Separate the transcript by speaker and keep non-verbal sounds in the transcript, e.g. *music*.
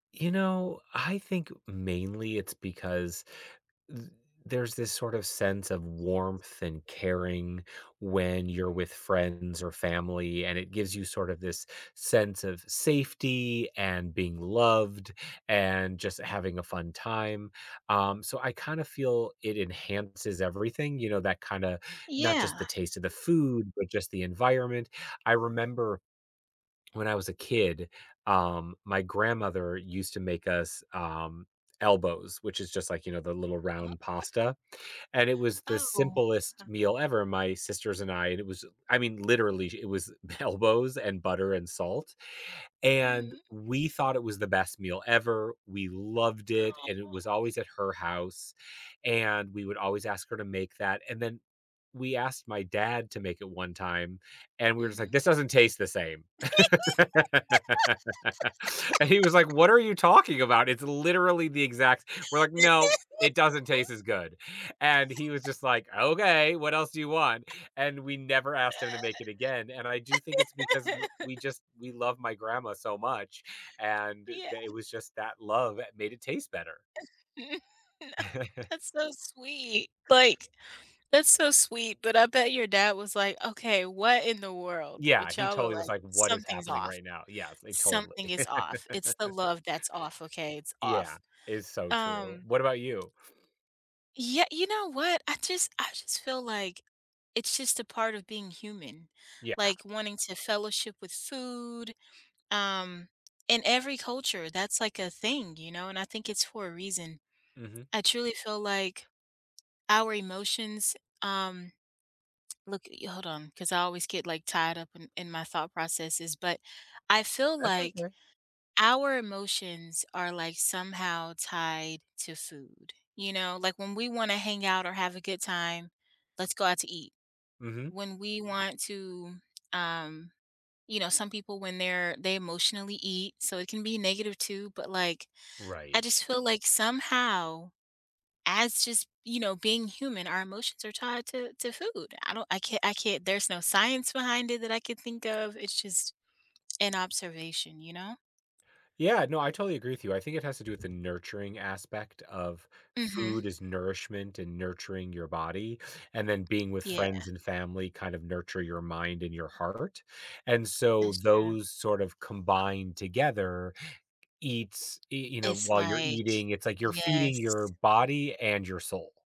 Speaker 1: You know, I think mainly it's because th there's this sort of sense of warmth and caring when you're
Speaker 2: Mhm.
Speaker 1: with friends or family, and it gives you sort of this sense of safety, and being loved, and just having a fun time, um, so, I kind of feel it enhances everything, you know, that kinda not
Speaker 2: Yeah.
Speaker 1: just the taste of the food, but just the environment. I remember when I was a kid, um, my grandmother used to make us, um, elbows which is just like, you know, the little
Speaker 2: U uh,
Speaker 1: round pasta, and it was the
Speaker 2: Oh,
Speaker 1: simplest
Speaker 2: uh
Speaker 1: meal ever, my sisters and I and it was I mean, literally, it was elbows and butter and salt, and
Speaker 2: Mhm.
Speaker 1: we thought it was the best meal ever, we loved it, and it was always
Speaker 2: *unintelligible*
Speaker 1: at her house, and we would always ask her to make that, and then we asked my dad to make it 1 time, and we're just like,
Speaker 2: Mhm.
Speaker 1: "This doesn't taste the same." *laughs* And he was like, "What are you talking about? It's
Speaker 2: *laughs*
Speaker 1: literally the exact" we're like, "No, it doesn't taste
Speaker 2: *laughs*
Speaker 1: as good." And he was just
Speaker 2: *laughs*
Speaker 1: like, "Okay, what else do you want?"
Speaker 2: *chuckles*
Speaker 1: And we never asked him to make it again, and I do think it's because w we
Speaker 2: *laughs*
Speaker 1: just we love my grandma so much, and
Speaker 2: Yeah.
Speaker 1: tha was just that love that made it taste better.
Speaker 2: *laughs*
Speaker 1: *chuckles*
Speaker 2: That's so sweet like, that's so, sweet, but, I bet your dad was like, "Okay, what in the world."
Speaker 1: Yeah,
Speaker 2: but
Speaker 1: he
Speaker 2: y'all are
Speaker 1: totally was
Speaker 2: like,
Speaker 1: like, "What is
Speaker 2: something's
Speaker 1: happening
Speaker 2: off
Speaker 1: right now?" Yes, they totally.
Speaker 2: something is off. It's the love that's off, okay, it's
Speaker 1: Yeah,
Speaker 2: off,
Speaker 1: it's so true.
Speaker 2: um
Speaker 1: What about you?
Speaker 2: Yeah you know what, I just I just feel like, it's just a part of being human,
Speaker 1: Yeah.
Speaker 2: like, wanting to fellowship with food um, in every culture that's, like, a thing, you know, and I think it's for a reason.
Speaker 1: Mhm.
Speaker 2: I truly feel like, our emotions, um, look *tsk* yo hold on, cause I always get, like, tied up in in my thought processes, but I feel
Speaker 1: That's
Speaker 2: like,
Speaker 1: okay.
Speaker 2: our emotions are like, somehow tied to food, you know, like when we wanna hang out or have a good time "Let's go out to eat."
Speaker 1: Mhm.
Speaker 2: When we want to, um you know, some people when they're they emotionally eat, so, it can be negative too, but like I
Speaker 1: Right.
Speaker 2: just feel like somehow, as just you know, being human, our emotions are tied to to food. I don't I can't I can't, there's no science behind it that I could think of It's just an observation, you know.
Speaker 1: Yeah, no, I totally agree with you. I think it has to do with the nurturing aspect of
Speaker 2: Mhm.
Speaker 1: food is nourishment and nurturing your body, and then being with
Speaker 2: Yeah.
Speaker 1: friends and family kind of nurture your mind and your heart, and so,
Speaker 2: That's true.
Speaker 1: those sort of combined together eats, y you know,
Speaker 2: It's
Speaker 1: while you're
Speaker 2: like,
Speaker 1: eating, it's like you're feeding your
Speaker 2: yes.
Speaker 1: body and your soul.